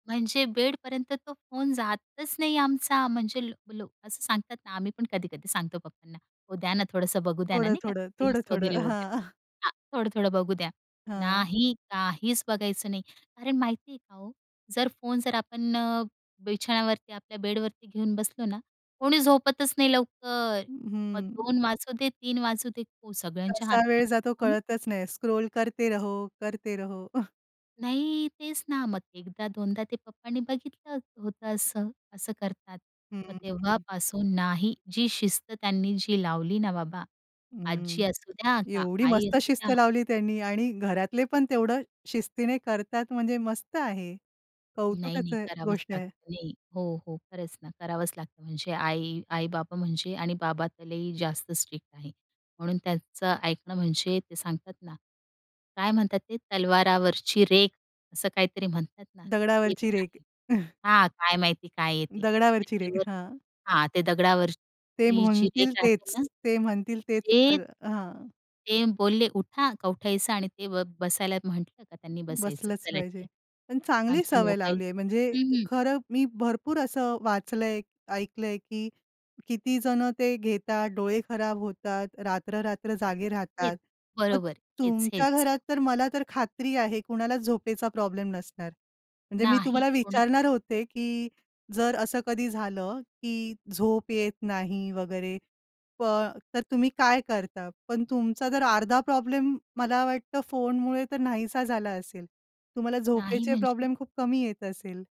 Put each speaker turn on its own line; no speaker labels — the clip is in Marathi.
म्हणजे बेडपर्यंत तो फोन जातच नाही आमचा. म्हणजे लो लोकं असं सांगतात ना, आम्ही पण कधी-कधी सांगतो पप्पांना, "ओ द्या ना, थोडंसं बघू द्या ना,"
थोडं,
नाही का.
थोडं.
रील्स
थोडं, थोडं.
वगैरे, वगैरे.
हां.
हां, थोडं, थोडं बघू द्या.
हां.
नाही, काहीच बघायचं नाही. अरे, माहिती आहे का हो? जर फोन जर आपण बिछाण्यावरती आपल्या बेडवरती घेऊन बसलो ना, कोणी झोपतच नाही लवकर. मग
हं.
2:00 वाजू दे, 3:00 वाजू दे. हो, सगळ्यांच्या
कसा
हातात
वेळ जातो
फोन.
कळतच नाही. स्क्रॉल करते रहो, करते रहो.
नाही, तेच ना. मग एकदा दोनदा ते पप्पांनी बघितलं होतं असं, असं करतात.
हं,
मग
हं.
तेव्हापासून नाही जी शिस्त त्यांनी जी लावली ना बाबा, आजी
हं.
असूद्या का
एवढी
आई
मस्त शिस्त
असूद्या.
लावली त्यांनी आणि घरातले पण तेवढं शिस्तीने करतात म्हणजे मस्त आहे.
नाही, नाही,
कौतुकचं आहे,
करावंच
गोष्ट आहे.
लागतं. नाही. हो, हो. खरंच ना, करावंच लागतं. म्हणजे आई आई-बाबा म्हणजे आणि बाबा तर लई जास्त स्ट्रिक्ट आहे. म्हणून त्याचं ऐकणं म्हणजे ते सांगतात ना, काय म्हणतात ते तलवारावरची रेख असं काहीतरी म्हणतात ना. तेच
दगडावरची रेख.
आहे. हा काय माहिती काय आहे ते.
दगडावरची रेख.
त्याच्यावर
हां.
हां, ते
ते
दगडावरची जी रेख
म्हणतील
राहते
तेच.
ना.
ते म्हणतील तेच
ते
खरं. हां.
ते बोलले उठा, का उठायचं आणि ते ब बसायला म्हटलं का त्यांनी बसायचं.
बसलंच
चला
पाहिजे.
ठीक
पण
आहे.
चांगली
आमचे
सवय
मोबाईल
लावलीये म्हणजे
हं, हं.
खरं मी भरपूर असं वाचलंय, ऐकलंय, की किती जणं ते घेतात, डोळे खराब होतात. रात्र, रात्र जागे
हेच,
राहतात. मग
बरोबर. हेच,
तुमच्या
हेच.
घरात तर मला तर खात्री आहे, कुणालाच झोपेचा प्रॉब्लेम नसणार. म्हणजे मी
नाही,
तुम्हाला
कोणाला
विचारणार होते, की जर असं कधी झालं, की झोप येत नाही वगैरे पण तर तुम्ही काय करता? पण तुमचा जर अर्धा प्रॉब्लेम मला वाटतं फोनमुळे तर नाहीसा झाला असेल. तुम्हाला
नाही,
झोपेचे
म्हणजे
प्रॉब्लेम खूप कमी येत असेल.